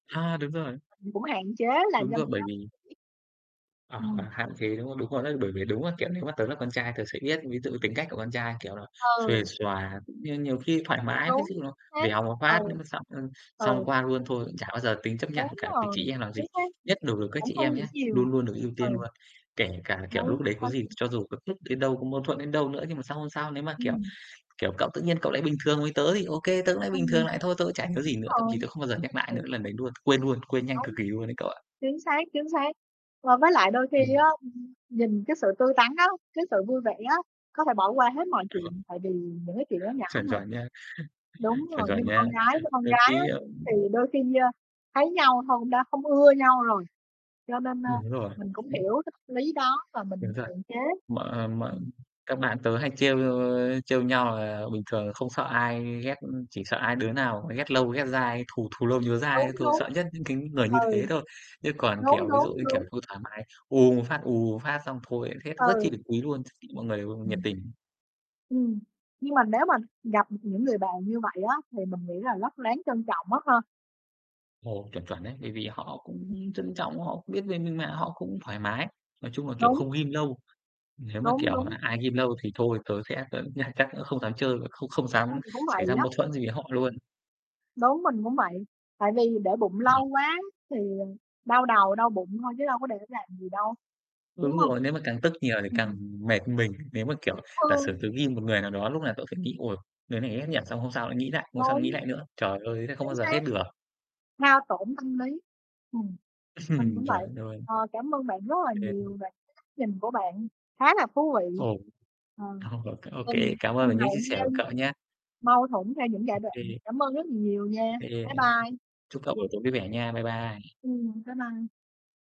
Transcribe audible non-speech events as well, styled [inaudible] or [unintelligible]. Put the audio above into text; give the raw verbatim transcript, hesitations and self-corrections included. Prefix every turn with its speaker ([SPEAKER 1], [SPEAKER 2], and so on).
[SPEAKER 1] A! Đúng rồi.
[SPEAKER 2] Mình cũng hạn chế làm
[SPEAKER 1] Đúng
[SPEAKER 2] cho người
[SPEAKER 1] gó, bởi
[SPEAKER 2] ta
[SPEAKER 1] vì
[SPEAKER 2] [unintelligible]
[SPEAKER 1] Ờ, ờ,
[SPEAKER 2] Ừm.
[SPEAKER 1] hạn chế, đúng không? Đúng rồi đó, bởi vì đúng á, kiểu, nếu mà tớ là con trai tớ sẽ biết, ví dụ như tính cách của con trai, kiểu là, xuề
[SPEAKER 2] Ừ.
[SPEAKER 1] xòa cũng như nhiều khi thoải
[SPEAKER 2] Đúng,
[SPEAKER 1] mái, ví dụ
[SPEAKER 2] đúng
[SPEAKER 1] như nó
[SPEAKER 2] xác.
[SPEAKER 1] vèo một
[SPEAKER 2] Ừ,
[SPEAKER 1] phát nó mới xong, ơ, xong
[SPEAKER 2] ừ.
[SPEAKER 1] qua luôn, thôi, cũng chả bao giờ tính chấp nhặt
[SPEAKER 2] Đúng
[SPEAKER 1] với cả với
[SPEAKER 2] rồi,
[SPEAKER 1] chị em làm
[SPEAKER 2] chính
[SPEAKER 1] gì.
[SPEAKER 2] xác.
[SPEAKER 1] Nhất đối với các
[SPEAKER 2] Cũng
[SPEAKER 1] chị
[SPEAKER 2] không
[SPEAKER 1] em
[SPEAKER 2] nghĩ
[SPEAKER 1] nhá,
[SPEAKER 2] nhiều,
[SPEAKER 1] luôn luôn được ưu
[SPEAKER 2] ừ.
[SPEAKER 1] tiên luôn, kể cả, kiểu, lúc
[SPEAKER 2] Đúng.
[SPEAKER 1] đấy có gì,
[SPEAKER 2] [unintelligible]
[SPEAKER 1] cho dù gấp rút đến đâu, có mâu thuẫn đến đâu nữa, nhưng mà sang hôm sau nếu mà, kiểu,
[SPEAKER 2] Ừm.
[SPEAKER 1] kiểu, cậu tự nhiên cậu lại bình thường với tớ, thì OK tớ cũng lại bình
[SPEAKER 2] Ừm,
[SPEAKER 1] thường
[SPEAKER 2] đúng
[SPEAKER 1] lại thôi, tớ cũng chả nhớ gì nữa, thậm
[SPEAKER 2] rồi,
[SPEAKER 1] chí tớ không bao giờ nhắc lại nữa
[SPEAKER 2] ừ.
[SPEAKER 1] lần đấy luôn, quên luôn, quên nhanh cực
[SPEAKER 2] Đúng.
[SPEAKER 1] kỳ luôn ấy cậu ạ.
[SPEAKER 2] Chính xác, chính xác và với lại đôi khi
[SPEAKER 1] Ừm.
[SPEAKER 2] á, ưm, nhìn cái sự tươi tắn á, cái sự vui vẻ á, có thể bỏ qua hết mọi
[SPEAKER 1] Chuẩn.
[SPEAKER 2] chuyện, tại vì những cái chuyện đó nhỏ
[SPEAKER 1] Chuẩn,
[SPEAKER 2] mà.
[SPEAKER 1] chuẩn nha.
[SPEAKER 2] Đúng
[SPEAKER 1] [chuckles] Chuẩn,
[SPEAKER 2] rồi, nhưng
[SPEAKER 1] chuẩn
[SPEAKER 2] mà
[SPEAKER 1] nha.
[SPEAKER 2] con gái với con gái á thì
[SPEAKER 1] [unintelligible]
[SPEAKER 2] đôi khi, a, thấy nhau thôi cũng đã không ưa nhau rồi. Cho nên, a,
[SPEAKER 1] Đúng rồi.
[SPEAKER 2] mình cũng hiểu cái th lý đó và
[SPEAKER 1] Đúng
[SPEAKER 2] mình
[SPEAKER 1] thật.
[SPEAKER 2] hạn chế,
[SPEAKER 1] Mà mà
[SPEAKER 2] ừm.
[SPEAKER 1] các bạn tớ hay trêu, ơ, trêu nhau là bình thường không sợ ai ghét, chỉ sợ ai đứa nào mà ghét lâu ghét dai, thù thù lâu nhớ dai
[SPEAKER 2] Đúng,
[SPEAKER 1] đó thôi,
[SPEAKER 2] đúng.
[SPEAKER 1] sợ nhất những cái người như
[SPEAKER 2] Ừ,
[SPEAKER 1] thế thôi. Chứ còn,
[SPEAKER 2] đúng,
[SPEAKER 1] kiểu, ví dụ
[SPEAKER 2] đúng,
[SPEAKER 1] như kiểu
[SPEAKER 2] đúng.
[SPEAKER 1] thôi thoải mái, ù một phát, ù một phát xong thôi lại hết, rất
[SPEAKER 2] Ừ.
[SPEAKER 1] chi được quý luôn, [unintelligible] mọi người nhiệt
[SPEAKER 2] Ừm.
[SPEAKER 1] tình.
[SPEAKER 2] Ừm, nhưng mà nếu mà gặp, ừm, những người bạn như vậy á thì mình nghĩ là rất đáng trân trọng á ha?
[SPEAKER 1] Ồ, chuẩn, chuẩn đấy, bởi vì họ
[SPEAKER 2] Ừm.
[SPEAKER 1] cũng trân trọng, họ cũng biết về mình mà, họ cũng thoải mái. Nói chung là, kiểu,
[SPEAKER 2] Đúng.
[SPEAKER 1] không ghim lâu. Nếu mà,
[SPEAKER 2] Đúng,
[SPEAKER 1] kiểu,
[SPEAKER 2] đúng.
[SPEAKER 1] mà ai ghim lâu thì thôi tớ sẽ tớ cũng sẽ chắc cũng không dám chơi, không không dám
[SPEAKER 2] Mình cũng
[SPEAKER 1] xảy
[SPEAKER 2] vậy
[SPEAKER 1] ra
[SPEAKER 2] á.
[SPEAKER 1] mâu thuẫn gì với họ luôn.
[SPEAKER 2] Đúng, mình cũng vậy, tại vì để bụng
[SPEAKER 1] [unintelligible]
[SPEAKER 2] lâu quá thì đau đầu, đau bụng thôi chứ đâu có để làm gì đâu, đúng
[SPEAKER 1] Đúng
[SPEAKER 2] hông?
[SPEAKER 1] rồi, nếu mà càng tức nhiều thì càng
[SPEAKER 2] Ừm.
[SPEAKER 1] mệt mình, nếu mà, kiểu, giả sử
[SPEAKER 2] Ừ!
[SPEAKER 1] tớ ghim một người nào đó lúc nào tớ phải nghĩ: "Ôi! Người này thấy ghét nhỉ?" Xong hôm sau lại nghĩ lại, hôm sau nghĩ
[SPEAKER 2] Đúng.
[SPEAKER 1] lại nữa. Trời ơi, thế không bao
[SPEAKER 2] Chính
[SPEAKER 1] giờ
[SPEAKER 2] xác,
[SPEAKER 1] hết được!
[SPEAKER 2] hao tổn tâm lý, ừm, mình cũng
[SPEAKER 1] [chuckles]
[SPEAKER 2] vậy.
[SPEAKER 1] Chuẩn luôn.
[SPEAKER 2] Ờ, cảm ơn bạn rất là
[SPEAKER 1] [unintelligible]
[SPEAKER 2] nhiều về cái góc nhìn của bạn khá là thú vị.
[SPEAKER 1] Ồ,
[SPEAKER 2] Ờ,
[SPEAKER 1] ồ, c ô kê,
[SPEAKER 2] ừm,
[SPEAKER 1] cảm ơn về những chia sẻ của
[SPEAKER 2] [unintelligible]
[SPEAKER 1] cậu nhá.
[SPEAKER 2] mâu thuẫn theo những
[SPEAKER 1] Ô
[SPEAKER 2] giai đoạn.
[SPEAKER 1] kê,
[SPEAKER 2] Cảm ơn rất là nhiều
[SPEAKER 1] ô
[SPEAKER 2] nha,
[SPEAKER 1] kê,
[SPEAKER 2] bye bye.
[SPEAKER 1] chúc cậu buổi tối vui vẻ nha. Bye bye.
[SPEAKER 2] Ừm, bye bye.